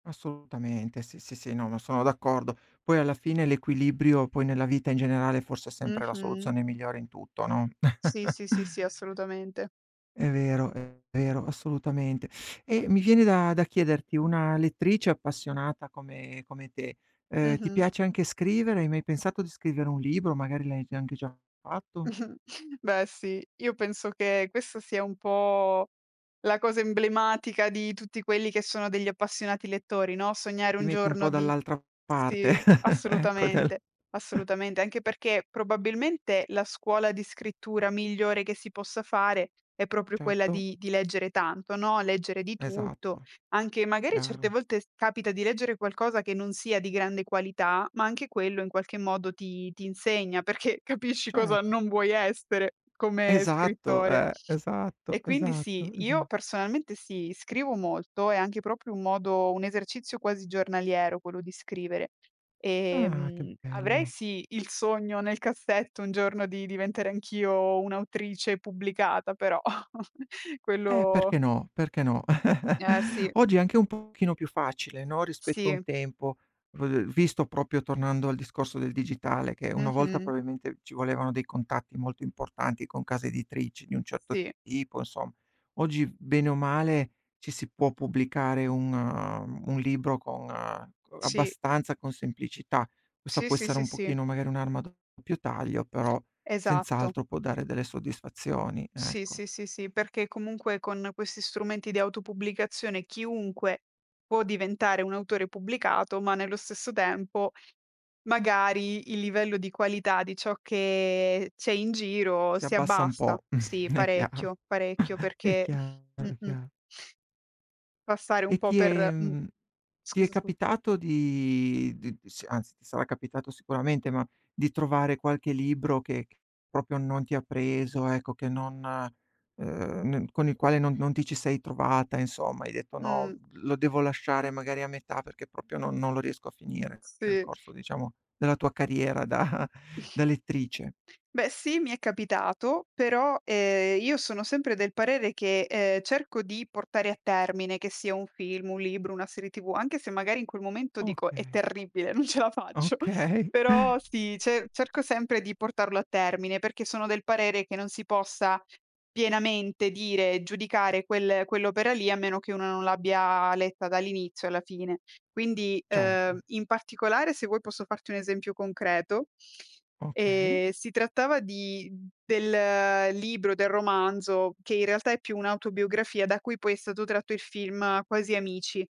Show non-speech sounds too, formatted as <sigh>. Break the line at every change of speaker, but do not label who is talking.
Assolutamente, sì, sì, sì, no, ma sono d'accordo. Poi alla fine l'equilibrio poi nella vita in generale forse è sempre la
Mh-mh.
soluzione migliore in tutto, no?
Sì,
<chuckles>
sì, sì, sì, assolutamente.
È vero, è vero, assolutamente. Ehm, mi viene da da chiederti: una lettrice appassionata come come te, ehm, ti
Mh-mh.
piace anche scrivere, hai mai pensato di scrivere un libro, magari l'hai già anche già fatto?
Mh-mh, beh sì, io penso che questa sia un po' la cosa emblematica di tutti quelli che sono degli appassionati lettori, no: sognare
Ti
un
metti un po'
giorno di
dall'altra parte,
sì,
<chuckles> ecco dal
assolutamente,
<chuckles>
assolutamente. Anche perché probabilmente la scuola di scrittura migliore che si possa fare è proprio quella
Certo.
di di leggere tanto, no, leggere di tutto.
Esatto,
Anche magari certe
chiaro.
volte s capita di leggere qualcosa che non sia di grande qualità, ma anche quello in qualche modo ti ti insegna, perché capisci cosa
Certo.
non vuoi essere come
Esatto
scrittore.
eh,
E
esatto,
quindi sì,
esatto,
io
esa
personalmente sì, scrivo molto, è anche proprio un modo un esercizio quasi giornaliero quello di scrivere.
Ah, che
Ehm, avrei
bello.
sì, il sogno nel cassetto un giorno di diventare anch'io un'autrice pubblicata, però <chuckles>
Eh
quello
perché no, perché no. <chuckles>
Eh sì.
Oggi è anche un pochino più facile, no, rispetto a un
Sì.
tempo, v v visto proprio tornando al discorso del digitale, che una volta
Mh-mh.
probabilmente ci volevano dei contatti molto importanti con case editrici di un certo
Sì.
tipo, insom oggi v bene o male ci si può pubblicare un uhm, un libro con co
Sì.
abbastanza con semplicità. Questa
Sì,
può
sì,
essere
sì,
un
sí.
pochino magari un'arma a doppio taglio, però
Esatto.
senz'altro può dare delle soddisfazioni,
Sì,
ecco.
sì, sì, sí, perché comunque con questi strumenti di auto pubblicazione chiunque può diventare un autore pubblicato, ma nello stesso tempo, magari il livello di qualità di ciò che c'è in giro
Si
si
abbassa un
abbassa.
po',
Sì,
<chuckles> è chiaro.
parecchio, parecchio
<chuckles> È
perché
chiaro, è
mh-mh.
chiar
Passare un
E
po'
ti è
per mh,
mhmm, ti è
scusa, scu
capitato di di s anzi ti sarà capitato sicuramente, ma di trovare qualche libro che che proprio non ti ha preso, ecco, che non, ehm, n con il quale non non ti ci sei trovata, insomma. Hai detto: "No,
Mh.
lo devo lasciare magari a metà perché proprio non non lo riesco a finire," nel
Sì.
corso diciamo della tua carriera da
<snorts>
da lettrice.
Beh sì, mi è capitato, però, ehm, io sono sempre del parere che, ehm, cerco di portare a termine, che sia un film, un libro, una serie TV, anche se magari in quel momento dico: "È
Okay.
terribile, non ce la faccio";
Okay.
però sì, ce cerco sempre di portarlo a termine, perché sono del parere che non si possa pienamente dire, giudicare quel quell'opera lì a meno che una non l'abbia letta dall'inizio alla fine. Quindi, ehm,
Certo.
in particolare se vuoi posso farti un esempio concreto:
Okay.
ehm, si trattava di mhmm, del libro, del romanzo che in realtà è più un'autobiografia, da cui poi è stato tratto il film Quasi amici.